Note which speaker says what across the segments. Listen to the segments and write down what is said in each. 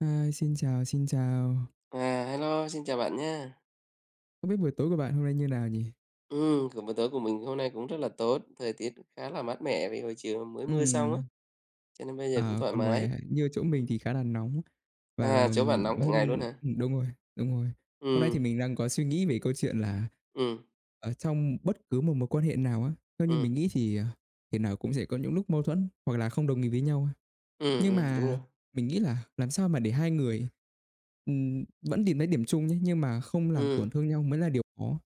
Speaker 1: Ơ, xin chào, xin chào!
Speaker 2: À, hello, xin chào bạn nhá.
Speaker 1: Không biết buổi tối của bạn hôm nay như nào nhỉ?
Speaker 2: Ừm, kiểu, bữa tối của mình hôm nay cũng rất là tốt, thời tiết khá là mát mẻ vì hồi chiều mới mưa xong á,
Speaker 1: Ừm.
Speaker 2: cho nên bây giờ cũng
Speaker 1: À,
Speaker 2: thoải
Speaker 1: còn ngoài,
Speaker 2: mái.
Speaker 1: à, như chỗ mình thì khá là nóng, và, ờ,
Speaker 2: À, chỗ bạn nóng cả
Speaker 1: hôm
Speaker 2: ngày luôn hả?
Speaker 1: đúng rồi, đúng rồi. Hôm nay thì
Speaker 2: Ừm.
Speaker 1: mình đang có suy nghĩ về câu chuyện là
Speaker 2: Ừm.
Speaker 1: ở trong bất cứ một mối quan hệ nào á, theo như
Speaker 2: Ừm.
Speaker 1: mình nghĩ thì, ờ, thể nào cũng sẽ có những lúc mâu thuẫn, hoặc là không đồng ý với nhau ha,
Speaker 2: Ừm,
Speaker 1: nhưng
Speaker 2: ừm, đúng rồi.
Speaker 1: mà mình nghĩ là làm sao mà để hai người, ừm, vẫn tìm thấy điểm chung nhé, nhưng mà không làm
Speaker 2: Ừm.
Speaker 1: tổn thương nhau mới là điều khó.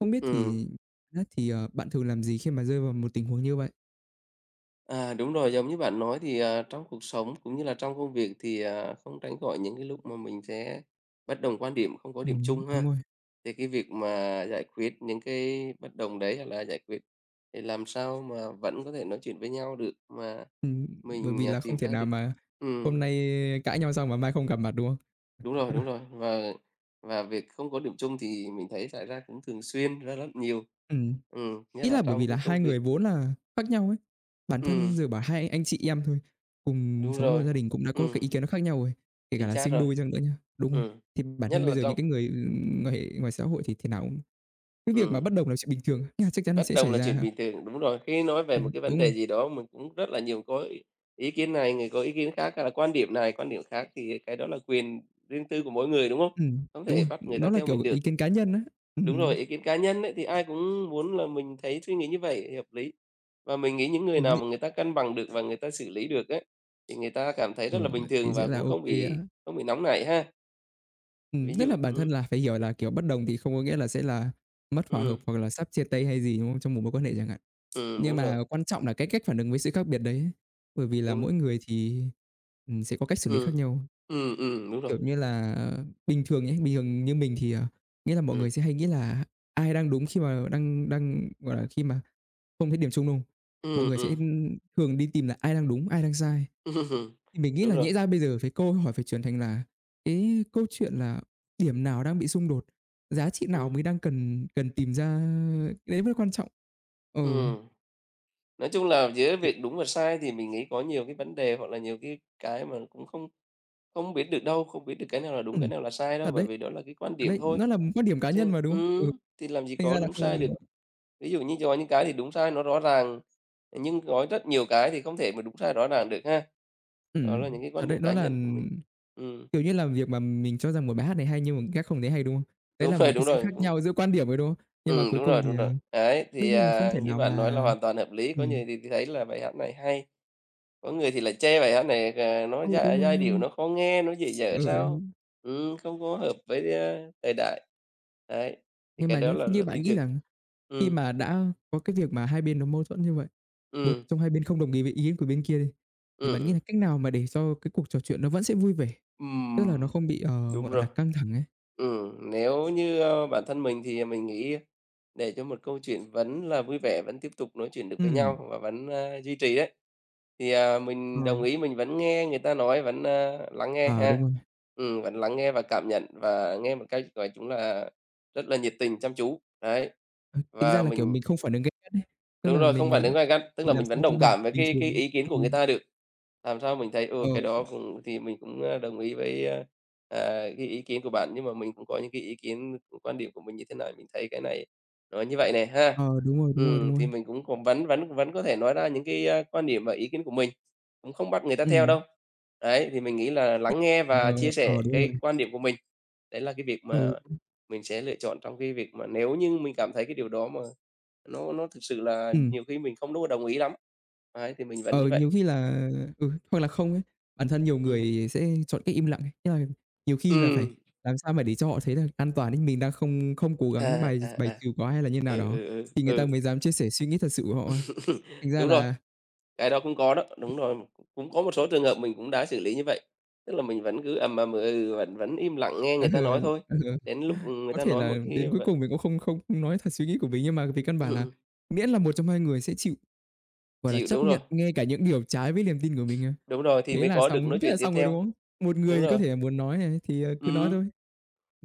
Speaker 1: Không biết
Speaker 2: Ừm.
Speaker 1: thì biết thì, à, bạn thường làm gì khi mà rơi vào một tình huống như vậy?
Speaker 2: À, đúng rồi, giống như bạn nói thì, à, trong cuộc sống, cũng như là trong công việc thì, à, không tránh khỏi những cái lúc mà mình sẽ bất đồng quan điểm, không có điểm
Speaker 1: Ừm,
Speaker 2: chung
Speaker 1: đúng
Speaker 2: ha.
Speaker 1: rồi.
Speaker 2: Thì cái việc mà giải quyết những cái bất đồng đấy, hoặc là giải quyết để làm sao mà vẫn có thể nói chuyện với nhau được mà
Speaker 1: Ừm, bởi
Speaker 2: mình,
Speaker 1: vì
Speaker 2: à,
Speaker 1: là không
Speaker 2: tìm
Speaker 1: thể
Speaker 2: ra
Speaker 1: nào
Speaker 2: được
Speaker 1: mà
Speaker 2: ừm.
Speaker 1: hôm nay cãi nhau xong mà mai không gặp mặt, đúng không?
Speaker 2: Đúng rồi, đúng rồi, và và việc không có điểm chung thì mình thấy xảy ra cũng thường xuyên, rất rất nhiều.
Speaker 1: Ừm.
Speaker 2: Ừm, nhất
Speaker 1: Ý
Speaker 2: là
Speaker 1: là bởi vì
Speaker 2: trong
Speaker 1: là
Speaker 2: cái
Speaker 1: hai
Speaker 2: công việc.
Speaker 1: người vốn là khác nhau ấy. Bản
Speaker 2: Ừm.
Speaker 1: thân giờ bảo hai anh chị em thôi, cùng
Speaker 2: Đúng
Speaker 1: sống một
Speaker 2: rồi.
Speaker 1: gia đình cũng đã có cái
Speaker 2: Ừm.
Speaker 1: ý kiến nó khác nhau rồi, kể cả
Speaker 2: Chính
Speaker 1: là
Speaker 2: xác
Speaker 1: sinh
Speaker 2: rồi.
Speaker 1: đôi chăng nữa nhá. Đúng rồi.
Speaker 2: Ừm.
Speaker 1: Thì bản
Speaker 2: Nhất
Speaker 1: thân bây
Speaker 2: là
Speaker 1: giờ những
Speaker 2: trong
Speaker 1: cái người, ừm, quan hệ ngoài xã hội thì thế nào cũng cái việc mà
Speaker 2: Ừm.
Speaker 1: bất đồng là chuyện bình thường, nó chắc chắn nó
Speaker 2: Bất
Speaker 1: sẽ
Speaker 2: đồng
Speaker 1: xảy
Speaker 2: là
Speaker 1: ra
Speaker 2: chuyện
Speaker 1: ha.
Speaker 2: bình thường. Đúng rồi. Khi nói về một
Speaker 1: Ừm,
Speaker 2: cái vấn
Speaker 1: đúng rồi.
Speaker 2: đề gì đó mà cũng rất là nhiều có ý ý kiến này, người có ý kiến khác, hay là quan điểm này, quan điểm khác thì cái đó là quyền riêng tư của mỗi người, đúng không?
Speaker 1: Ừm.
Speaker 2: Không
Speaker 1: Đúng
Speaker 2: thể
Speaker 1: rồi,
Speaker 2: bắt người ta
Speaker 1: nó là
Speaker 2: theo
Speaker 1: kiểu
Speaker 2: mình
Speaker 1: ý
Speaker 2: được.
Speaker 1: kiến cá nhân á.
Speaker 2: Đúng rồi,
Speaker 1: Ừm.
Speaker 2: ý kiến cá nhân ấy thì ai cũng muốn là mình thấy suy nghĩ như vậy hợp lý. Và mình nghĩ những người
Speaker 1: Ừm,
Speaker 2: nào
Speaker 1: nh
Speaker 2: mà người ta cân bằng được và người ta xử lý được ấy, thì người ta cảm thấy
Speaker 1: Ờ,
Speaker 2: rất là bình
Speaker 1: thì
Speaker 2: thường
Speaker 1: sẽ
Speaker 2: và
Speaker 1: là
Speaker 2: cũng không
Speaker 1: OK
Speaker 2: bị
Speaker 1: á.
Speaker 2: không bị nóng nảy ha.
Speaker 1: Ừm,
Speaker 2: Ví
Speaker 1: nhất là
Speaker 2: dụ,
Speaker 1: bản
Speaker 2: ừm.
Speaker 1: thân là phải hiểu là, kiểu, bất đồng thì không có nghĩa là sẽ là mất hòa hợp
Speaker 2: Ừm.
Speaker 1: hoặc là sắp chia tay hay gì, đúng không? Trong một mối quan hệ chẳng hạn.
Speaker 2: Ừm,
Speaker 1: Nhưng
Speaker 2: đúng rồi.
Speaker 1: mà quan trọng là cái cách phản ứng với sự khác biệt đấy. Bởi vì là
Speaker 2: Đúng.
Speaker 1: mỗi người thì, ừm, sẽ có cách xử lý
Speaker 2: Ừm.
Speaker 1: khác nhau.
Speaker 2: Ừm, ừm, đúng rồi.
Speaker 1: Kiểu như là, bình thường ấy, bình thường như mình thì, à nghĩa là mọi người
Speaker 2: Ừm.
Speaker 1: sẽ hay nghĩ là ai đang đúng khi mà đang đang gọi là, khi mà không thấy điểm chung, đúng không? Mọi
Speaker 2: Ừm,
Speaker 1: người sẽ,
Speaker 2: ừm.
Speaker 1: ưm, thường đi tìm là "ai đang đúng, ai đang sai?"
Speaker 2: Ừm.
Speaker 1: Thì mình nghĩ
Speaker 2: Đúng
Speaker 1: là
Speaker 2: rồi.
Speaker 1: nhẽ ra bây giờ phải câu hỏi phải chuyển thành là cái câu chuyện là "điểm nào đang bị xung đột? Giá trị nào
Speaker 2: Ừm.
Speaker 1: mới đang cần cần tìm ra?" Cái đấy mới quan trọng. Ừ.
Speaker 2: Ừm. Nói chung là giữa
Speaker 1: Kiểu
Speaker 2: việc đúng và sai thì mình nghĩ có nhiều cái vấn đề hoặc là nhiều cái cái mà cũng không không biết được đâu, không biết được cái nào là đúng,
Speaker 1: Ừm,
Speaker 2: cái nào là sai
Speaker 1: thật
Speaker 2: đâu, bởi
Speaker 1: đấy,
Speaker 2: vì đó là cái quan
Speaker 1: thật
Speaker 2: điểm
Speaker 1: đấy,
Speaker 2: thôi.
Speaker 1: nó là quan điểm cá nhân
Speaker 2: Chứ
Speaker 1: mà, đúng không? Ừ,
Speaker 2: ừm, thì làm gì
Speaker 1: thành
Speaker 2: có
Speaker 1: ra là
Speaker 2: đúng sai được.
Speaker 1: [unintelligible]
Speaker 2: Ví dụ như có những cái thì đúng sai nó rõ ràng, nhưng có rất nhiều cái thì không thể mà đúng sai rõ ràng được ha? Đó là
Speaker 1: Ừm,
Speaker 2: những cái
Speaker 1: thật
Speaker 2: quan
Speaker 1: đấy,
Speaker 2: điểm cá
Speaker 1: nó là,
Speaker 2: nhân của mình.
Speaker 1: ừm,
Speaker 2: Ừm.
Speaker 1: kiểu như là, việc mà mình cho rằng một bài hát này hay nhưng mà khác không thấy hay, đúng không? Đấy
Speaker 2: Đúng
Speaker 1: là một
Speaker 2: rồi,
Speaker 1: cái
Speaker 2: đúng
Speaker 1: sự khác
Speaker 2: rồi, ừm.
Speaker 1: nhau giữa quan điểm thôi, đúng không? Nhưng mà
Speaker 2: Ừm,
Speaker 1: cuối
Speaker 2: đúng
Speaker 1: cùng
Speaker 2: rồi,
Speaker 1: thì,
Speaker 2: đúng rồi.
Speaker 1: ờ
Speaker 2: Đấy,
Speaker 1: đương
Speaker 2: thì,
Speaker 1: nhiên là không
Speaker 2: à,
Speaker 1: thể
Speaker 2: như
Speaker 1: nào
Speaker 2: bạn nói là
Speaker 1: mà
Speaker 2: hoàn toàn hợp lý, có
Speaker 1: ừm.
Speaker 2: người thì thì thấy là bài hát này hay, có người thì lại chê bài hát này, à, nó
Speaker 1: Ừ, đúng
Speaker 2: giai
Speaker 1: rồi,
Speaker 2: giai
Speaker 1: đúng
Speaker 2: điệu
Speaker 1: rồi.
Speaker 2: nó khó nghe, nó dở dở
Speaker 1: Ờ, ừ
Speaker 2: sao.
Speaker 1: hứm.
Speaker 2: Ừm, không có hợp với, a, thời đại. Đấy, thì
Speaker 1: Nhưng
Speaker 2: cái
Speaker 1: mà
Speaker 2: đó
Speaker 1: nhé,
Speaker 2: là
Speaker 1: thế như
Speaker 2: rất
Speaker 1: bạn
Speaker 2: bình
Speaker 1: nghĩ
Speaker 2: thường.
Speaker 1: là khi
Speaker 2: Ừm.
Speaker 1: mà đã có cái việc mà 2 bên nó mâu thuẫn như vậy, 1
Speaker 2: Ừm.
Speaker 1: trong 2 bên không đồng ý với ý của bên kia đi, thì
Speaker 2: Ừm,
Speaker 1: bạn nghĩ là
Speaker 2: ừm.
Speaker 1: cách nào mà để cho cái cuộc trò chuyện nó vẫn sẽ vui vẻ? Tức là nó
Speaker 2: Ừm,
Speaker 1: không bị, ờ,
Speaker 2: đúng
Speaker 1: gọi
Speaker 2: rồi.
Speaker 1: là, căng thẳng ấy?
Speaker 2: Ừm, nếu như, ơ, bản thân mình thì mình nghĩ để cho một câu chuyện vẫn là vui vẻ, vẫn tiếp tục nói chuyện được với
Speaker 1: Ừm.
Speaker 2: nhau và vẫn, a, duy trì ấy, thì, à, mình đồng
Speaker 1: Ờ.
Speaker 2: ý mình vẫn nghe người ta nói, vẫn, ơ, lắng nghe
Speaker 1: À, đúng
Speaker 2: ha.
Speaker 1: rồi.
Speaker 2: Ừm, vẫn lắng nghe và cảm nhận và nghe một cách nói chung là rất là nhiệt tình, chăm chú, đấy.
Speaker 1: Ờ, tính ra
Speaker 2: Và
Speaker 1: là, kiểu,
Speaker 2: mình
Speaker 1: mình không phản ứng gay gắt nhá, tức
Speaker 2: Đúng
Speaker 1: là
Speaker 2: rồi, không
Speaker 1: mình,
Speaker 2: phản
Speaker 1: ờ,
Speaker 2: ứng gay gắt, tức là
Speaker 1: mình làm
Speaker 2: mình
Speaker 1: sao
Speaker 2: vẫn
Speaker 1: cho
Speaker 2: đồng
Speaker 1: bằng
Speaker 2: cảm với
Speaker 1: bình
Speaker 2: cái
Speaker 1: thường
Speaker 2: cái
Speaker 1: ấy,
Speaker 2: ý kiến của người
Speaker 1: ừm.
Speaker 2: ta được. Làm sao mình thấy,
Speaker 1: Ờ.
Speaker 2: ừ, cái đó cũng thì mình cũng, a, đồng ý với, á, à, cái ý kiến của bạn. Nhưng mà mình cũng có những cái ý kiến [unintelligible] quan điểm của mình như thế này, mình thấy cái này nó như vậy nè ha.
Speaker 1: Ờ, đúng rồi, đúng rồi, đúng
Speaker 2: Ừm,
Speaker 1: rồi.
Speaker 2: thì mình cũng cũng vẫn vẫn vẫn có thể nói ra những cái, a, quan điểm và ý kiến của mình, cũng không bắt người ta theo
Speaker 1: Ừm.
Speaker 2: đâu. Đấy, thì mình nghĩ là
Speaker 1: [unintelligible]
Speaker 2: lắng nghe và chia
Speaker 1: Ờ,
Speaker 2: sẻ
Speaker 1: đúng
Speaker 2: cái
Speaker 1: rồi.
Speaker 2: quan điểm của mình đấy là cái việc mà
Speaker 1: Ừ. [unintelligible]
Speaker 2: mình sẽ lựa chọn trong cái việc mà nếu như mình cảm thấy cái điều đó mà nó nó thực sự là
Speaker 1: Ừm.
Speaker 2: nhiều khi mình không đua đồng ý lắm. Ấy, thì mình vẫn
Speaker 1: Ờ,
Speaker 2: như vậy.
Speaker 1: nhiều khi là ừ, hoặc là không ấy, bản thân nhiều
Speaker 2: Ừm.
Speaker 1: người sẽ chọn cách im lặng ấy. Ý là nhiều khi là phải
Speaker 2: Ừm.
Speaker 1: làm sao mà để cho họ thấy là an toàn ấy, mình
Speaker 2: Ừm.
Speaker 1: đang không không cố gắng
Speaker 2: À,
Speaker 1: bài
Speaker 2: à,
Speaker 1: x bài
Speaker 2: à.
Speaker 1: trừ quá hay là như nào
Speaker 2: Ừ,
Speaker 1: đó
Speaker 2: ừ, ừ,
Speaker 1: thì người ta
Speaker 2: ừ.
Speaker 1: mới dám chia sẻ suy nghĩ thật sự của họ ha. Thành ra
Speaker 2: Đúng rồi,
Speaker 1: là
Speaker 2: cái đó cũng có đó, đúng rồi. Cũng có một số trường hợp mình cũng đã xử lý như vậy. Tức là mình vẫn cứ ầm ầm, ừ ừ, vẫn vẫn im lặng nghe
Speaker 1: Ừ,
Speaker 2: người ta nói thôi,
Speaker 1: ừ.
Speaker 2: đến lúc người
Speaker 1: Có
Speaker 2: ta
Speaker 1: thể
Speaker 2: nói
Speaker 1: là
Speaker 2: một cái
Speaker 1: đến cuối
Speaker 2: vậy
Speaker 1: cùng mình cũng không không nói thật suy nghĩ của mình nhưng mà vì căn
Speaker 2: Ừm,
Speaker 1: bản là
Speaker 2: ừm.
Speaker 1: miễn là 1 trong 2 người sẽ chịu, gọi là,
Speaker 2: Chịu,
Speaker 1: chấp
Speaker 2: đúng rồi.
Speaker 1: nhận ngay cả những điều trái với niềm tin của mình cơ.
Speaker 2: Đúng rồi, thì
Speaker 1: Thế
Speaker 2: mới
Speaker 1: là
Speaker 2: có được nói
Speaker 1: xong thế
Speaker 2: chuyện
Speaker 1: là
Speaker 2: tiếp
Speaker 1: xong rồi,
Speaker 2: theo.
Speaker 1: đúng không? Một người
Speaker 2: Đúng
Speaker 1: thì có
Speaker 2: rồi.
Speaker 1: thể là muốn nói này thì, ờ, cứ nói
Speaker 2: Ừm.
Speaker 1: thôi.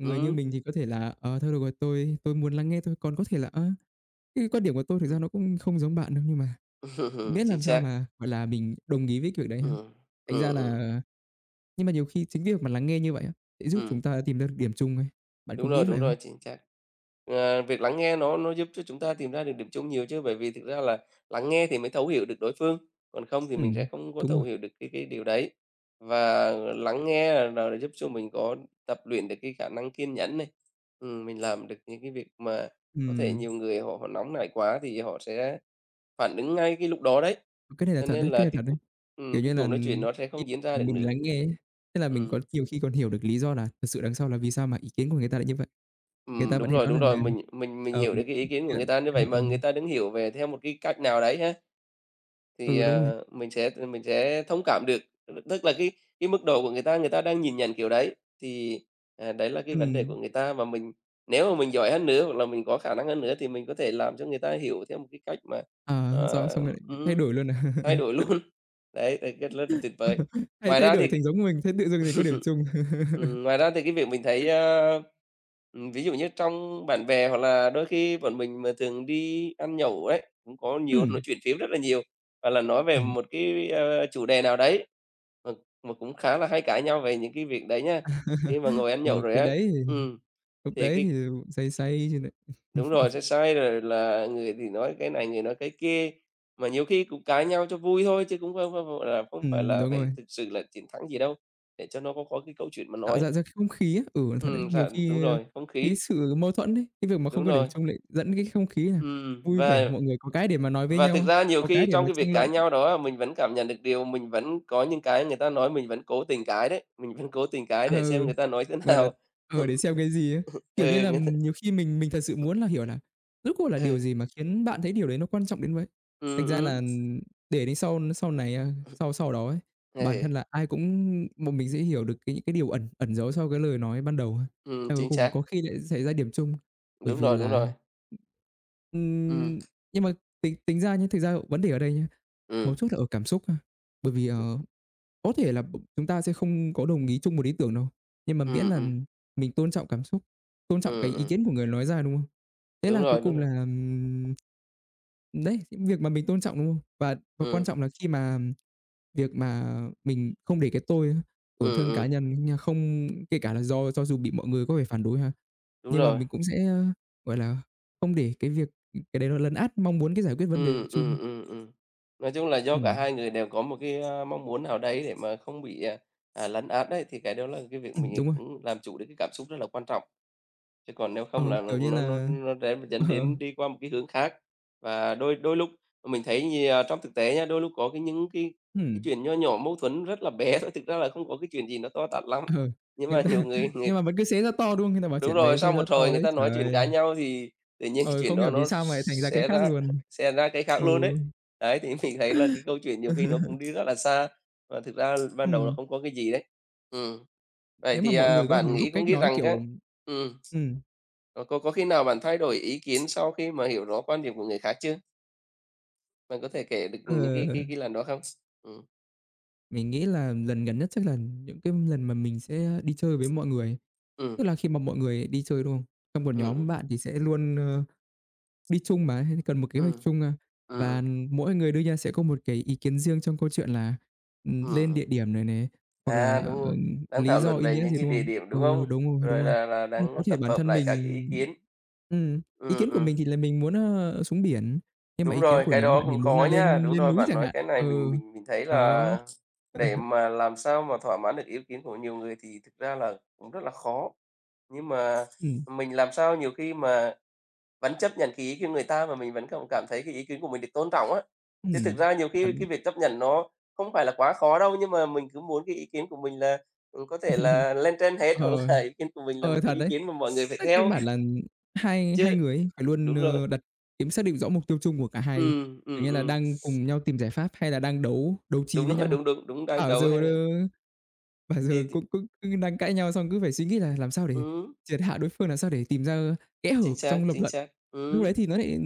Speaker 1: Người như
Speaker 2: Ừm.
Speaker 1: mình thì có thể là "Ờ, thôi được rồi, tôi tôi muốn lắng nghe thôi. Còn có thể là, ờ, cái quan điểm của tôi thực ra
Speaker 2: Ừm.
Speaker 1: nó cũng không giống bạn đâu.", nhưng mà miễn
Speaker 2: Chính
Speaker 1: làm sao
Speaker 2: xác.
Speaker 1: mà, gọi là, mình đồng ý với cái việc đấy thôi.
Speaker 2: Ừm.
Speaker 1: Thành
Speaker 2: Ừm,
Speaker 1: ra
Speaker 2: ừm.
Speaker 1: là nhưng mà nhiều khi chính việc mà lắng nghe như vậy á, sẽ giúp
Speaker 2: Ừm.
Speaker 1: chúng ta sẽ tìm ra được điểm chung ấy, bạn
Speaker 2: Đúng
Speaker 1: có nghĩ
Speaker 2: rồi,
Speaker 1: vậy
Speaker 2: đúng
Speaker 1: không?
Speaker 2: rồi, chính xác. Ờ, việc lắng nghe nó nó giúp cho chúng ta tìm ra được điểm chung nhiều chứ. Bởi vì thực ra là lắng nghe thì mới thấu hiểu được đối phương, còn không thì mình sẽ
Speaker 1: Ừm,
Speaker 2: không có
Speaker 1: đúng rồi.
Speaker 2: thấu hiểu được cái cái điều đấy. Và lắng nghe là giúp cho mình có tập luyện được cái khả năng kiên nhẫn này, ừm, mình làm được những cái việc mà có thể
Speaker 1: Ừm.
Speaker 2: nhiều người họ vẫn nóng nảy quá thì họ sẽ phản ứng ngay cái lúc đó đấy.
Speaker 1: Cái này là
Speaker 2: Cho
Speaker 1: thật đấy,
Speaker 2: nên
Speaker 1: cái
Speaker 2: là
Speaker 1: này
Speaker 2: cái
Speaker 1: thật đấy.
Speaker 2: [unintelligible]
Speaker 1: Kiểu
Speaker 2: ừm,
Speaker 1: như
Speaker 2: cái
Speaker 1: là,
Speaker 2: cuộc nói chuyện nó sẽ
Speaker 1: khi
Speaker 2: không diễn ra được
Speaker 1: mình
Speaker 2: nữa.
Speaker 1: lắng nghe ấy, tức là mình có
Speaker 2: Ừm.
Speaker 1: nhiều khi còn hiểu được lý do là thực sự đằng sau là vì sao mà ý kiến của người ta lại như vậy. Người
Speaker 2: Ừm,
Speaker 1: ta vẫn
Speaker 2: đúng
Speaker 1: hay
Speaker 2: rồi,
Speaker 1: nói
Speaker 2: đúng
Speaker 1: rằng
Speaker 2: rồi,
Speaker 1: là,
Speaker 2: mình mình mình
Speaker 1: ờ,
Speaker 2: hiểu được cái ý
Speaker 1: cái
Speaker 2: kiến của người
Speaker 1: chuyện
Speaker 2: ta như
Speaker 1: ờ,
Speaker 2: vậy
Speaker 1: ờ.
Speaker 2: mà người ta đứng hiểu về theo một cái cách nào đấy ha, thì,
Speaker 1: Ừ, đúng rồi.
Speaker 2: à, mình sẽ, ờ, mình sẽ thông cảm được. [unintelligible] tức là cái cái mức độ của người ta, người ta đang nhìn nhận kiểu đấy, thì, à, đấy là cái vấn đề của
Speaker 1: Ừm.
Speaker 2: người ta mà mình nếu mà mình giỏi hơn nữa hoặc là mình có khả năng hơn nữa thì mình có thể làm cho người ta hiểu theo một cái cách mà,
Speaker 1: À,
Speaker 2: à
Speaker 1: thế xong xong
Speaker 2: ừm,
Speaker 1: lại thay
Speaker 2: ừm,
Speaker 1: đổi luôn à?
Speaker 2: thay đổi luôn. Đấy, đấy cách rất là tuyệt vời.
Speaker 1: Thay
Speaker 2: Ngoài
Speaker 1: thay
Speaker 2: ra
Speaker 1: đổi
Speaker 2: thì,
Speaker 1: thành giống mình, thế tự dưng lại có điểm chung.
Speaker 2: ừm, ngoài ra thì cái việc mình thấy, ơ, ừm ví dụ như trong bạn bè hoặc là đôi khi bọn mình mà thường đi ăn nhậu ấy, cũng có nhiều nói
Speaker 1: Ừm.
Speaker 2: chuyện phiếm rất là nhiều, hoặc là là nói về
Speaker 1: Ừm.
Speaker 2: một cái, a, chủ đề nào đấy mà mà cũng khá là hay cãi nhau về những cái việc đấy nhá. Khi mà ngồi ăn nhậu
Speaker 1: Rồi,
Speaker 2: rồi
Speaker 1: cái
Speaker 2: á
Speaker 1: đấy thì
Speaker 2: ừm,
Speaker 1: lúc
Speaker 2: thì
Speaker 1: đấy thì
Speaker 2: cái
Speaker 1: say say chứ lại.
Speaker 2: Đúng rồi, sẽ say rồi là người thì nói cái này, người nói cái kia. Mà nhiều khi cũng cãi nhau cho vui thôi chứ cũng không không, gọi là, không phải
Speaker 1: Ừm,
Speaker 2: là
Speaker 1: đúng
Speaker 2: phải
Speaker 1: rồi.
Speaker 2: thực sự là chiến thắng gì đâu, để cho nó có có cái câu chuyện mà
Speaker 1: Tạo
Speaker 2: nói.
Speaker 1: ra ra không khí á. Ừ, nó thật đấy,
Speaker 2: Ừm,
Speaker 1: nhiều
Speaker 2: thật, đúng
Speaker 1: khi, ơ,
Speaker 2: rồi, không
Speaker 1: cái
Speaker 2: khí.
Speaker 1: sự mâu thuẫn ấy, cái việc mà không
Speaker 2: Đúng
Speaker 1: có điểm
Speaker 2: rồi.
Speaker 1: chung lại dẫn cái không khí là
Speaker 2: Ừm,
Speaker 1: vui vẻ,
Speaker 2: và
Speaker 1: mọi người có cái để mà nói với
Speaker 2: và thực
Speaker 1: nhau,
Speaker 2: ra nhiều
Speaker 1: có
Speaker 2: khi
Speaker 1: cái để
Speaker 2: trong
Speaker 1: mà
Speaker 2: cái việc
Speaker 1: tranh luận.
Speaker 2: cãi nhau đó á mình vẫn cảm nhận được điều mình vẫn có những cái người ta nói mình vẫn cố tình cãi đấy, mình vẫn cố tình cãi để xem
Speaker 1: Ừ,
Speaker 2: người ta nói thế
Speaker 1: gọi là,
Speaker 2: nào.
Speaker 1: ờ, để xem cái gì ấy. Kiểu như
Speaker 2: Ừ,
Speaker 1: là,
Speaker 2: người ta
Speaker 1: ừm, nhiều khi mình mình thật sự muốn là hiểu là rốt cuộc là
Speaker 2: Ừ.
Speaker 1: điều gì mà khiến bạn thấy điều đấy nó quan trọng đến vậy.
Speaker 2: Ừm,
Speaker 1: Thành ra
Speaker 2: ừm.
Speaker 1: là để đến sau n sau này, a sau sau đó ấy, bản thân
Speaker 2: Ừ.
Speaker 1: là ai cũng bọn mình sẽ hiểu được cái những cái điều ẩn ẩn giấu sau cái lời nói ban đầu á.
Speaker 2: Ừm,
Speaker 1: Eo ôi,
Speaker 2: chính
Speaker 1: cuối cùng
Speaker 2: xác.
Speaker 1: có khi lại xảy ra điểm chung bởi
Speaker 2: Đúng
Speaker 1: vì
Speaker 2: rồi, đúng
Speaker 1: là
Speaker 2: rồi. Ừm.
Speaker 1: ừm, nhưng mà tính tính ra nhá, thực ra vấn đề ở đây nhá, mấu
Speaker 2: Ừm.
Speaker 1: chốt là ở cảm xúc ha. Bởi vì, ờ, có thể là b chúng ta sẽ không có đồng ý chung một ý tưởng đâu, nhưng mà miễn
Speaker 2: Ừm,
Speaker 1: là
Speaker 2: ừm.
Speaker 1: mình tôn trọng cảm xúc, tôn trọng cái
Speaker 2: Ừm,
Speaker 1: ý
Speaker 2: ừm.
Speaker 1: kiến của người nói ra, đúng không? Thế
Speaker 2: Đúng
Speaker 1: là cuối
Speaker 2: rồi, đúng
Speaker 1: cùng
Speaker 2: rồi.
Speaker 1: là, ừm, đấy, những việc mà mình tôn trọng, đúng không? Và và quan
Speaker 2: Ừm.
Speaker 1: trọng là khi mà việc mà mình không để cái tôi ấy, tổn
Speaker 2: Ừm,
Speaker 1: thương cá
Speaker 2: ừm.
Speaker 1: nhân ấy nha, không kể cả là do cho dù bị mọi người có vẻ phản đối ha,
Speaker 2: Đúng
Speaker 1: nhưng mà
Speaker 2: rồi.
Speaker 1: mình cũng sẽ, a, gọi là, không để cái việc cái đấy nó lấn át mong muốn cái giải quyết vấn đề
Speaker 2: Ừm,
Speaker 1: chung.
Speaker 2: ừm, ừm, ừm. Nói chung là do cả
Speaker 1: Ừm.
Speaker 2: 2 người đều có một cái, a, mong muốn nào đấy để mà không bị, à, à, lấn át đấy thì cái đó là cái việc
Speaker 1: Ừm,
Speaker 2: mình
Speaker 1: đúng rồi.
Speaker 2: cũng làm chủ được cái cảm xúc rất là quan trọng. Chứ còn nếu
Speaker 1: Ờ,
Speaker 2: không là l
Speaker 1: kiểu như
Speaker 2: nó nó
Speaker 1: là
Speaker 2: nó rẽ dẫn
Speaker 1: ờ.
Speaker 2: đến đi qua một cái hướng khác. Và đôi đôi lúc mình thấy nhiều trong thực tế nhá, đôi lúc có cái những cái cái
Speaker 1: Ừm.
Speaker 2: chuyện nho nhỏ mâu thuẫn rất là bé thôi, thực ra là không có cái chuyện gì nó to tát lắm,
Speaker 1: Ờ,
Speaker 2: nhưng
Speaker 1: người
Speaker 2: mà
Speaker 1: ta
Speaker 2: nhiều người người
Speaker 1: nhưng mà vẫn cứ xé ra to, đúng không? Người ta bảo
Speaker 2: đúng
Speaker 1: chuyện
Speaker 2: rồi,
Speaker 1: bé xé
Speaker 2: sau
Speaker 1: ra
Speaker 2: một hồi
Speaker 1: to
Speaker 2: người
Speaker 1: đấy,
Speaker 2: ta nói
Speaker 1: trời
Speaker 2: chuyện,
Speaker 1: ơi!
Speaker 2: cãi nhau thì tự nhiên cái
Speaker 1: Ờ,
Speaker 2: chuyện
Speaker 1: không
Speaker 2: đó
Speaker 1: hiểu vì
Speaker 2: nó
Speaker 1: sao mà lại thành ra cái
Speaker 2: xé
Speaker 1: khác
Speaker 2: ra
Speaker 1: luôn.
Speaker 2: xé ra cái khác
Speaker 1: Ừ.
Speaker 2: luôn ấy. Ấy, thì mình thấy là cái câu chuyện nhiều khi nó cũng đi rất là xa và thực ra ban đầu nó
Speaker 1: Ừm.
Speaker 2: không có cái gì đấy. Ừm. Vậy
Speaker 1: Nếu mà
Speaker 2: thì,
Speaker 1: mọi
Speaker 2: à,
Speaker 1: người có thể
Speaker 2: bạn
Speaker 1: học
Speaker 2: nghĩ có
Speaker 1: cách
Speaker 2: nghĩ
Speaker 1: nói,
Speaker 2: rằng á
Speaker 1: kiểu
Speaker 2: ừm,
Speaker 1: ừm.
Speaker 2: có có có khi nào bạn thay đổi ý kiến sau khi mà hiểu rõ quan điểm của người khác chưa? Bạn có thể kể được những cái cái
Speaker 1: Ừ.
Speaker 2: cái lần đó không? Ừm.
Speaker 1: Mình nghĩ là lần gần nhất chắc là những cái lần mà mình sẽ đi chơi với mọi người,
Speaker 2: Ừm.
Speaker 1: tức là khi mà mọi người đi chơi, đúng không? Trong một
Speaker 2: Ừm,
Speaker 1: nhóm
Speaker 2: ừm.
Speaker 1: bạn thì sẽ luôn, ơ, đi chung mà, hay là cần một kế hoạch
Speaker 2: Ừm,
Speaker 1: chung mà.
Speaker 2: ừm,
Speaker 1: Và
Speaker 2: ừm.
Speaker 1: mỗi người đưa ra sẽ có một cái ý kiến riêng trong câu chuyện là, ừ, lên địa
Speaker 2: Ừm.
Speaker 1: điểm này nè hoặc là,
Speaker 2: À, đúng
Speaker 1: ờ,
Speaker 2: rồi, đang
Speaker 1: lý
Speaker 2: thảo
Speaker 1: do
Speaker 2: luận
Speaker 1: ý
Speaker 2: về
Speaker 1: nghĩa
Speaker 2: những
Speaker 1: gì,
Speaker 2: cái
Speaker 1: đúng
Speaker 2: địa
Speaker 1: không?
Speaker 2: điểm, đúng
Speaker 1: Ừ,
Speaker 2: không?
Speaker 1: đúng rồi, đúng
Speaker 2: Rồi
Speaker 1: rồi,
Speaker 2: là là
Speaker 1: như có
Speaker 2: đang
Speaker 1: thể
Speaker 2: tập
Speaker 1: bản
Speaker 2: hợp
Speaker 1: thân
Speaker 2: lại các
Speaker 1: mình
Speaker 2: ý kiến.
Speaker 1: ừm, ý
Speaker 2: Ừm,
Speaker 1: kiến của
Speaker 2: ừm.
Speaker 1: mình thì là mình muốn, ờ, xuống biển nhưng mà
Speaker 2: Đúng
Speaker 1: ý kiến
Speaker 2: rồi,
Speaker 1: của
Speaker 2: cái
Speaker 1: nhóm
Speaker 2: đó
Speaker 1: bạn thì
Speaker 2: cũng
Speaker 1: muốn là
Speaker 2: khó nha.
Speaker 1: lên
Speaker 2: Đúng
Speaker 1: lên
Speaker 2: rồi
Speaker 1: núi
Speaker 2: bạn,
Speaker 1: chẳng
Speaker 2: nói
Speaker 1: hạn.
Speaker 2: cái này mình
Speaker 1: Ừ,
Speaker 2: mình mình thấy
Speaker 1: đó.
Speaker 2: là để mà làm sao mà thỏa mãn được ý kiến của nhiều người thì thực ra là cũng rất là khó. Nhưng mà
Speaker 1: Ừm.
Speaker 2: mình làm sao nhiều khi mà vẫn chấp nhận cái ý kiến của người ta mà mình vẫn không cảm thấy cái ý kiến của mình được tôn trọng á. Chứ thực
Speaker 1: Ừm.
Speaker 2: ra nhiều
Speaker 1: Thật
Speaker 2: khi cái
Speaker 1: đấy.
Speaker 2: việc chấp nhận nó không phải là quá khó đâu nhưng mà mình cứ muốn cái ý kiến của mình là, có thể là, lên trên hết
Speaker 1: Ờ,
Speaker 2: hoặc là ý kiến của mình là một
Speaker 1: ờ, thật
Speaker 2: cái ý
Speaker 1: đấy.
Speaker 2: kiến mà mọi người phải
Speaker 1: Tức căn
Speaker 2: theo.
Speaker 1: bản là hai
Speaker 2: Chứ
Speaker 1: hai người ấy phải luôn,
Speaker 2: đúng rồi.
Speaker 1: ơ, đặt kiếm soát được rõ mục tiêu chung của cả hai đi,
Speaker 2: Ừm,
Speaker 1: kiểu
Speaker 2: ừm,
Speaker 1: như là,
Speaker 2: ừm.
Speaker 1: đang cùng nhau tìm giải pháp hay là đang đấu đấu trí
Speaker 2: Đúng
Speaker 1: với
Speaker 2: rồi,
Speaker 1: nhau.
Speaker 2: đúng, đúng, đúng, đang
Speaker 1: Bảo giờ,
Speaker 2: đấu ha.
Speaker 1: ờ, bảo
Speaker 2: Thì
Speaker 1: giờ
Speaker 2: thực
Speaker 1: cũng cũng đang cãi nhau xong cứ phải suy nghĩ là làm sao để
Speaker 2: Ừm.
Speaker 1: triệt hạ đối phương làm sao để tìm ra kẽ
Speaker 2: Chính
Speaker 1: hở
Speaker 2: xác,
Speaker 1: trong lập
Speaker 2: chính
Speaker 1: luận.
Speaker 2: xác.
Speaker 1: Lúc đấy
Speaker 2: Ừm.
Speaker 1: thì nó lại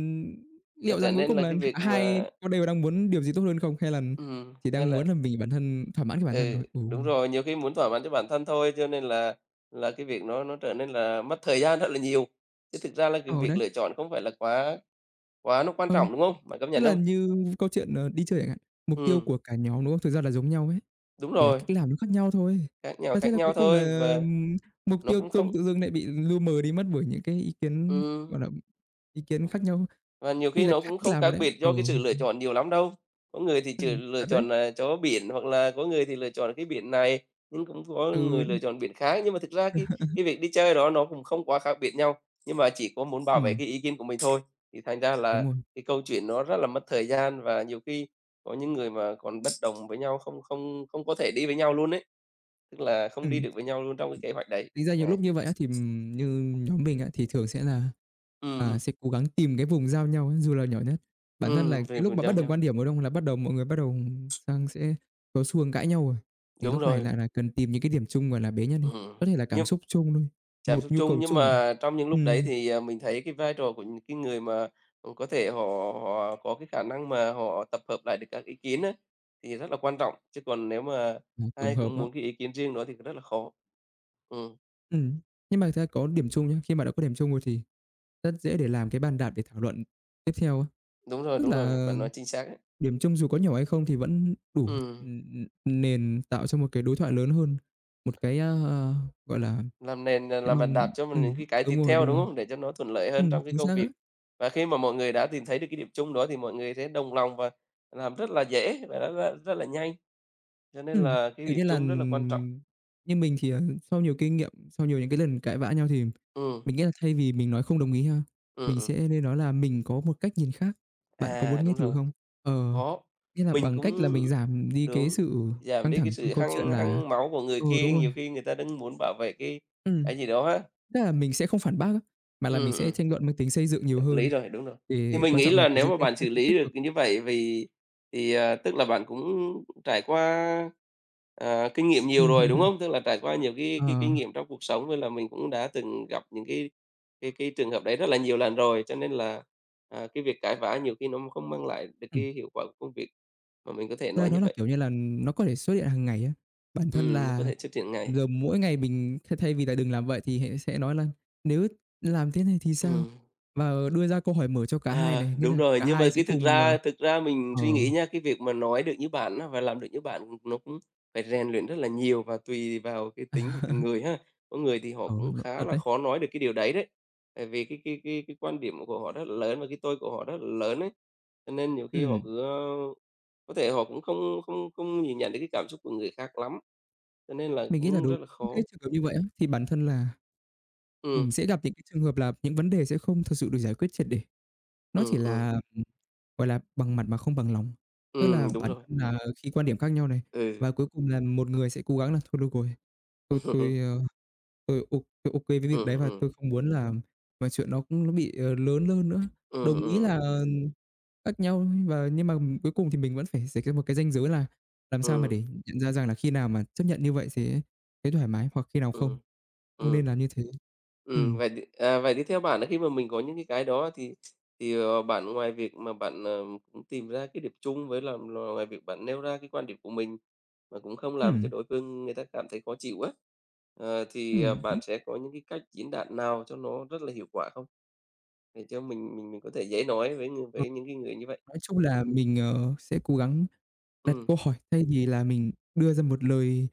Speaker 2: Và
Speaker 1: liệu
Speaker 2: trở
Speaker 1: rằng cuối
Speaker 2: nên
Speaker 1: cùng
Speaker 2: là
Speaker 1: là
Speaker 2: cái
Speaker 1: cả
Speaker 2: việc
Speaker 1: hai
Speaker 2: mà
Speaker 1: có đều đang muốn điều gì tốt hơn không hay là
Speaker 2: Ừm,
Speaker 1: chỉ
Speaker 2: hay
Speaker 1: đang
Speaker 2: là
Speaker 1: muốn là mình bản thân thỏa mãn cho bản thân
Speaker 2: Ừ,
Speaker 1: thôi. Ừ.
Speaker 2: đúng rồi, nhiều khi muốn thỏa mãn cho bản thân thôi cho nên là là cái việc nó nó trở nên là mất thời gian rất là nhiều. Chứ thực ra là cái
Speaker 1: Ừ,
Speaker 2: việc
Speaker 1: đấy.
Speaker 2: lựa chọn không phải là quá quá nó quan
Speaker 1: Ừ,
Speaker 2: trọng, đúng không? Bạn công
Speaker 1: tức
Speaker 2: nhận
Speaker 1: là
Speaker 2: không?
Speaker 1: như câu chuyện, ờ, đi chơi chẳng hạn, mục tiêu
Speaker 2: Ừm.
Speaker 1: của cả nhóm, đúng không? Thực ra là giống nhau hết,
Speaker 2: Đúng
Speaker 1: chỉ là
Speaker 2: rồi.
Speaker 1: cách làm nó khác nhau thôi.
Speaker 2: Khác nhàu
Speaker 1: Và thế
Speaker 2: khác
Speaker 1: là
Speaker 2: nhau
Speaker 1: cuối cùng
Speaker 2: thôi
Speaker 1: là
Speaker 2: và
Speaker 1: mục
Speaker 2: nó
Speaker 1: tiêu
Speaker 2: cũng
Speaker 1: chung
Speaker 2: không
Speaker 1: tự dưng lại bị lu mờ đi mất bởi những cái ý kiến,
Speaker 2: Ừm.
Speaker 1: gọi là, ý kiến khác nhau,
Speaker 2: Và nhiều
Speaker 1: tuy
Speaker 2: khi
Speaker 1: là
Speaker 2: nó
Speaker 1: khác
Speaker 2: cũng
Speaker 1: cách
Speaker 2: không
Speaker 1: làm rồi
Speaker 2: khác
Speaker 1: đấy.
Speaker 2: biệt
Speaker 1: Ờ,
Speaker 2: do cái sự
Speaker 1: ưm
Speaker 2: lựa
Speaker 1: hừm.
Speaker 2: chọn nhiều lắm đâu. Có người thì
Speaker 1: Ừ,
Speaker 2: chỉ lựa
Speaker 1: thật đấy.
Speaker 2: chọn, ờ, chỗ biển hoặc là có người thì lựa chọn cái biển này, nhưng cũng có
Speaker 1: Ừ.
Speaker 2: người lựa chọn biển khác nhưng mà thực ra cái cái việc đi chơi đó nó cũng không quá khác biệt nhau, nhưng mà chỉ có muốn bảo vệ
Speaker 1: Ừm.
Speaker 2: cái ý kiến của mình thôi. Thì thành ra
Speaker 1: Đúng
Speaker 2: là
Speaker 1: rồi.
Speaker 2: cái câu chuyện nó rất là mất thời gian và nhiều khi có những người mà còn bất đồng với nhau, không không không có thể đi với nhau luôn ấy, tức là không đi
Speaker 1: Ừm.
Speaker 2: được với nhau luôn trong cái kế hoạch đấy,
Speaker 1: Thực ra nhiều
Speaker 2: đấy.
Speaker 1: lúc như vậy á thì, ừm, như nhóm mình á thì thường sẽ là,
Speaker 2: Ừm,
Speaker 1: à,
Speaker 2: ừm.
Speaker 1: sẽ cố gắng tìm cái vùng giao nhau, dù là nhỏ nhất. Bản thân là
Speaker 2: Ừm, về
Speaker 1: cái lúc
Speaker 2: vùng
Speaker 1: mà
Speaker 2: giao
Speaker 1: bất đồng quan
Speaker 2: nhau.
Speaker 1: điểm, đúng không? Là bắt đầu mọi người bắt đầu sang sẽ có xu hướng cãi nhau rồi, thì
Speaker 2: Đúng
Speaker 1: lúc này
Speaker 2: rồi.
Speaker 1: lại là cần tìm những cái điểm chung gọi là bế nhân đi,
Speaker 2: Ừm,
Speaker 1: có thể là cảm
Speaker 2: nhưng
Speaker 1: xúc chung thôi,
Speaker 2: cảm
Speaker 1: một
Speaker 2: xúc
Speaker 1: nhu
Speaker 2: chung,
Speaker 1: cầu
Speaker 2: nhưng
Speaker 1: chung ch hạn.
Speaker 2: mà trong những lúc đấy
Speaker 1: Ừm.
Speaker 2: thì, ờ, mình thấy cái vai trò của những cái người mà họ có thể họ có cái khả năng mà họ tập hợp lại được các ý kiến á, thì rất là quan trọng, chứ còn nếu mà
Speaker 1: Ừm, tổng
Speaker 2: ai
Speaker 1: hợp
Speaker 2: cũng
Speaker 1: á.
Speaker 2: muốn cái ý kiến riêng đó thì rất là khó. Ừm.
Speaker 1: Ừm, nhưng mà thực ra có điểm chung nhá. Khi mà đã có điểm chung rồi thì rất dễ để làm cái bàn đạp để thảo luận tiếp theo á.
Speaker 2: Đúng rồi,
Speaker 1: Tức
Speaker 2: đúng rồi,
Speaker 1: là
Speaker 2: bạn nói chính xác ấy.
Speaker 1: điểm chung dù có nhỏ hay không thì vẫn đủ,
Speaker 2: Ừm.
Speaker 1: ừm, ừm, ừm, nền tạo cho một cái đối thoại lớn hơn, một cái, a, à, gọi
Speaker 2: Ừm,
Speaker 1: là
Speaker 2: làm nền rồi
Speaker 1: cái
Speaker 2: làm bàn
Speaker 1: mong
Speaker 2: đạp cho mình những
Speaker 1: ừm,
Speaker 2: cái cái
Speaker 1: đúng
Speaker 2: tiếp
Speaker 1: rồi,
Speaker 2: theo,
Speaker 1: đúng
Speaker 2: đúng
Speaker 1: rồi.
Speaker 2: không? Để cho nó thuận lợi hơn
Speaker 1: Ừm,
Speaker 2: trong cái
Speaker 1: chính
Speaker 2: công
Speaker 1: xác á.
Speaker 2: việc. Và khi mà mọi người đã tìm thấy được cái điểm chung đó thì mọi người sẽ đồng lòng và làm rất là dễ và nó ra rất là nhanh. Cho nên
Speaker 1: Ừm,
Speaker 2: là cái
Speaker 1: kiểu
Speaker 2: điểm
Speaker 1: như là,
Speaker 2: chung rất là quan trọng.
Speaker 1: ừm, như mình thì là sau nhiều kinh nghiệm, sau nhiều những cái lần cãi vã nhau thì
Speaker 2: Ừm.
Speaker 1: mình nghĩ là thay vì mình nói không đồng ý ha,
Speaker 2: Ừm,
Speaker 1: mình
Speaker 2: ừm.
Speaker 1: sẽ nên nói là "Mình có một cách nhìn khác. Bạn có
Speaker 2: À,
Speaker 1: muốn nghe
Speaker 2: đúng
Speaker 1: thử
Speaker 2: rồi.
Speaker 1: không?" Ờ,
Speaker 2: Có,
Speaker 1: nghĩa là
Speaker 2: mình
Speaker 1: bằng cách là
Speaker 2: cũng
Speaker 1: mình giảm đi cái
Speaker 2: đúng,
Speaker 1: sự
Speaker 2: giảm
Speaker 1: căng
Speaker 2: đi cái
Speaker 1: thẳng trong
Speaker 2: sự
Speaker 1: câu
Speaker 2: hăng
Speaker 1: chuyện là
Speaker 2: hăng máu của người
Speaker 1: ừ,
Speaker 2: kia,
Speaker 1: đúng rồi.
Speaker 2: nhiều khi người ta đang muốn bảo vệ cái
Speaker 1: Ừm.
Speaker 2: cái gì đó á.
Speaker 1: Tức là mình sẽ không phản bác á, mà là mình
Speaker 2: Ừm,
Speaker 1: sẽ
Speaker 2: ừm.
Speaker 1: tranh luận mang tính xây dựng nhiều
Speaker 2: Hợp lý
Speaker 1: hơn,
Speaker 2: rồi, đúng rồi. Thì
Speaker 1: thì
Speaker 2: mình
Speaker 1: quan
Speaker 2: nghĩ
Speaker 1: trọng là
Speaker 2: là
Speaker 1: cái
Speaker 2: nếu
Speaker 1: giữ
Speaker 2: mà
Speaker 1: cái
Speaker 2: bạn xử
Speaker 1: không khí tích
Speaker 2: lý được,
Speaker 1: cực.
Speaker 2: ừ, như vậy vì thì, à, tức là bạn cũng trải qua, ờ, kinh nghiệm
Speaker 1: Ừm.
Speaker 2: nhiều rồi, đúng không? Tức là trải qua nhiều cái cái kinh
Speaker 1: Ờ.
Speaker 2: nghiệm trong cuộc sống nên là mình cũng đã từng gặp những cái cái cái trường hợp đấy rất là nhiều lần rồi. Cho nên là, à, cái việc cãi vã nhiều khi nó không mang lại được
Speaker 1: Ừm.
Speaker 2: cái hiệu quả của công việc mà mình có thể
Speaker 1: Ra
Speaker 2: nói
Speaker 1: đó
Speaker 2: như
Speaker 1: là,
Speaker 2: vậy.
Speaker 1: kiểu như là, nó có thể xuất hiện hằng ngày á. Bản thân
Speaker 2: Ừm, nó có
Speaker 1: là
Speaker 2: thể xuất hiện ngay.
Speaker 1: giờ mỗi ngày mình thay thay vì là đừng làm vậy thì hãy sẽ nói là "Nếu làm thế này thì sao?"
Speaker 2: Ừm.
Speaker 1: Và đưa ra câu hỏi mở cho cả hai
Speaker 2: À,
Speaker 1: này, nghĩa
Speaker 2: đúng
Speaker 1: là
Speaker 2: rồi,
Speaker 1: cả
Speaker 2: nhưng mà
Speaker 1: hai sẽ
Speaker 2: cái thực
Speaker 1: cùng,
Speaker 2: ra
Speaker 1: ờ
Speaker 2: thực ra mình
Speaker 1: ờ.
Speaker 2: suy nghĩ nhá, cái việc mà nói được như bạn á và làm được như bạn, ừm, nó cũng phải rèn luyện rất là nhiều và tùy vào cái
Speaker 1: À.
Speaker 2: tính của từng người ha. Có người thì họ
Speaker 1: Ừ,
Speaker 2: cũng
Speaker 1: nó
Speaker 2: khá
Speaker 1: thật
Speaker 2: là
Speaker 1: đấy.
Speaker 2: khó nói được cái điều đấy đấy. Tại vì cái cái cái cái quan điểm của họ rất lớn và cái tôi của họ rất lớn ấy. Cho nên nhiều khi họ
Speaker 1: Ừm.
Speaker 2: cứ, ơ có thể họ cũng không không không nhìn nhận được cái cảm xúc của người khác lắm, cho nên là
Speaker 1: Mình nghĩ là
Speaker 2: cũng
Speaker 1: đối
Speaker 2: rất là
Speaker 1: những
Speaker 2: khó.
Speaker 1: cái trường hợp như vậy á, thì bản thân là ừm,
Speaker 2: Ừm.
Speaker 1: sẽ gặp những cái trường hợp là những vấn đề sẽ không thực sự được giải quyết triệt để. Nó chỉ
Speaker 2: Ừm,
Speaker 1: là,
Speaker 2: ừm.
Speaker 1: ừm, gọi là, bằng mặt mà không bằng lòng. Tức là
Speaker 2: Ừm, đúng
Speaker 1: bản
Speaker 2: rồi.
Speaker 1: thân là khi quan điểm khác nhau này,
Speaker 2: Ừ.
Speaker 1: và cuối cùng là một người sẽ cố gắng là "Thôi được rồi, tôi
Speaker 2: Ừm.
Speaker 1: tôi, ơ, tôi ô tôi OK với việc đấy
Speaker 2: Ừm,
Speaker 1: và tôi
Speaker 2: ừm.
Speaker 1: không muốn làm chuyện nó cũng nó bị, ờ, lớn hơn nữa."
Speaker 2: Ừm,
Speaker 1: Đồng ý
Speaker 2: ừm.
Speaker 1: là khác nhau và nhưng mà nhưng mà, ừm, cuối cùng thì mình vẫn phải rạch ra một cái ranh giới là làm sao mà
Speaker 2: Ừm.
Speaker 1: để nhận ra rằng là khi nào mà chấp nhận như vậy sẽ thấy thoải mái hoặc khi nào không,
Speaker 2: Ừm.
Speaker 1: không
Speaker 2: Ừm.
Speaker 1: nên làm như thế.
Speaker 2: Ừm,
Speaker 1: Ừm.
Speaker 2: vậy thì, à, vậy thì theo bạn, khi mà mình có những cái cái đó thì thì, ờ, bạn ngoài việc mà bạn, à, ừm, tìm ra cái điểm chung với là là ngoài việc bạn nêu ra cái quan điểm của mình và cũng không làm cho
Speaker 1: Ừm.
Speaker 2: đối phương người ta cảm thấy khó chịu á, ờ, thì, à,
Speaker 1: Ừm hứm.
Speaker 2: bạn sẽ có những cái cách diễn đạt nào cho nó rất là hiệu quả không? Để cho mình mình mình có thể dễ nói với người
Speaker 1: Ờ.
Speaker 2: với những cái người như vậy.
Speaker 1: Nói chung là mình, ờ, sẽ cố gắng đặt
Speaker 2: Ừm.
Speaker 1: câu hỏi thay vì là mình đưa ra một lời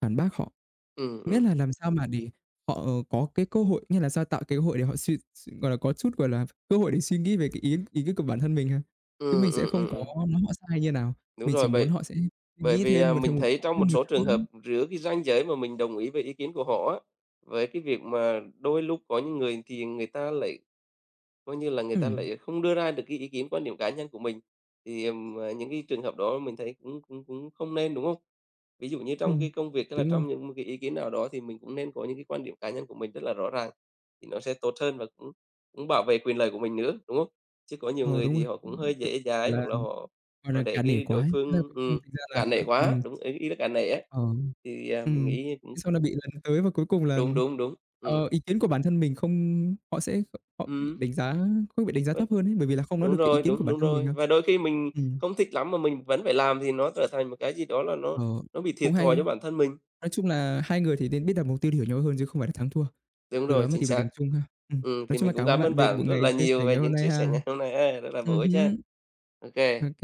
Speaker 1: phản bác họ,
Speaker 2: Ừm, ừm.
Speaker 1: miễn là làm sao mà để họ có cái cơ hội, nghĩa là sao tạo cái hội để họ suy s gọi là, có chút, gọi là, v cơ hội để suy nghĩ về cái ý ý c của bản thân mình ha. Chứ
Speaker 2: Ừm,
Speaker 1: mình sẽ
Speaker 2: ừm, ừm,
Speaker 1: không có
Speaker 2: ừm.
Speaker 1: nói họ sai như nào,
Speaker 2: Đúng
Speaker 1: mình chỉ
Speaker 2: rồi,
Speaker 1: muốn
Speaker 2: bởi
Speaker 1: họ sẽ suy
Speaker 2: bởi
Speaker 1: nghĩ
Speaker 2: vì, à,
Speaker 1: thêm một
Speaker 2: mình
Speaker 1: thêm một
Speaker 2: thấy trong
Speaker 1: thêm
Speaker 2: một
Speaker 1: nhiều
Speaker 2: số
Speaker 1: chút
Speaker 2: trường hợp
Speaker 1: nữa.
Speaker 2: rữa cái ranh giới mà mình đồng ý với ý kiến của họ á, với cái việc mà đôi lúc có những người thì người ta lại coi như là người ta
Speaker 1: Ừm.
Speaker 2: lại không đưa ra được cái ý kiến, quan điểm cá nhân của mình thì, ờm, ờ, những cái trường hợp đó mình thấy cũng cũng cũng không nên, đúng không? Ví dụ như trong cái
Speaker 1: Ừm,
Speaker 2: công việc, tức là
Speaker 1: đúng rồi.
Speaker 2: trong những m cái ý kiến nào đó thì mình cũng nên có những cái quan điểm cá nhân của mình rất là rõ ràng thì nó sẽ tốt hơn và cũng cũng bảo vệ quyền lợi của mình nữa, đúng không? Chứ có nhiều
Speaker 1: Ờ,
Speaker 2: người
Speaker 1: đúng
Speaker 2: thì
Speaker 1: rồi. Ừm,
Speaker 2: họ
Speaker 1: ph
Speaker 2: cũng hơi dễ
Speaker 1: phải
Speaker 2: dãi
Speaker 1: là
Speaker 2: hoặc là họ
Speaker 1: gọi
Speaker 2: họ
Speaker 1: là,
Speaker 2: để
Speaker 1: cả nể
Speaker 2: cái
Speaker 1: quá
Speaker 2: đối
Speaker 1: ấy. Ra
Speaker 2: phương
Speaker 1: cuối cùng
Speaker 2: ừm,
Speaker 1: thành ra là
Speaker 2: cả nể
Speaker 1: ừm.
Speaker 2: quá. Đúng, ý ý là cả nể á,
Speaker 1: Ờ,
Speaker 2: thì, à, mình
Speaker 1: ừm,
Speaker 2: nghĩ cũng
Speaker 1: thế xong là bị lấn tới và cuối cùng là,
Speaker 2: Đúng, đúng, đúng,
Speaker 1: ờ,
Speaker 2: ừm.
Speaker 1: ý kiến của bản thân mình không họ sẽ kh họ bị
Speaker 2: Ừm.
Speaker 1: đánh giá không bị đánh giá thấp
Speaker 2: [unintelligible]
Speaker 1: hơn ấy, bởi vì là không nói
Speaker 2: Đúng
Speaker 1: được cái ý
Speaker 2: rồi,
Speaker 1: kiến của
Speaker 2: đúng,
Speaker 1: bản
Speaker 2: đúng
Speaker 1: thân mình
Speaker 2: rồi.
Speaker 1: đâu.
Speaker 2: Và đôi khi mình
Speaker 1: Ừm.
Speaker 2: không thích lắm mà mình vẫn phải làm thì nó trở thành một cái gì đó là nó
Speaker 1: Ờ,
Speaker 2: nó bị
Speaker 1: cũng
Speaker 2: thiệt thòi cho
Speaker 1: hay.
Speaker 2: bản thân mình.
Speaker 1: Nói chung là hai người thì nên biết đặt mục tiêu để hiểu nhau hơn chứ không phải là thắng thua.
Speaker 2: Đúng
Speaker 1: Từ
Speaker 2: rồi,
Speaker 1: đó mà
Speaker 2: chính
Speaker 1: tìm được
Speaker 2: xác.
Speaker 1: điểm chung ha. Ừm,
Speaker 2: Ừm,
Speaker 1: nói
Speaker 2: thì
Speaker 1: chung là
Speaker 2: mình cũng
Speaker 1: cảm ơn
Speaker 2: cám
Speaker 1: bạn
Speaker 2: ơn
Speaker 1: về
Speaker 2: bạn
Speaker 1: buổi
Speaker 2: rất
Speaker 1: ngày
Speaker 2: là
Speaker 1: chia
Speaker 2: nhiều
Speaker 1: sẻ
Speaker 2: về
Speaker 1: ngày hôm
Speaker 2: những
Speaker 1: nay
Speaker 2: chia sẻ
Speaker 1: ha.
Speaker 2: ngày hôm nay ha, rất là bổ
Speaker 1: Ừm
Speaker 2: ích ha.
Speaker 1: hứm.
Speaker 2: OK.
Speaker 1: OK,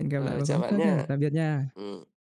Speaker 1: hẹn gặp lại
Speaker 2: Ờ,
Speaker 1: vào một
Speaker 2: chào
Speaker 1: lúc
Speaker 2: bạn
Speaker 1: khác nhá.
Speaker 2: nhá.
Speaker 1: Tạm biệt nha!
Speaker 2: Ừm.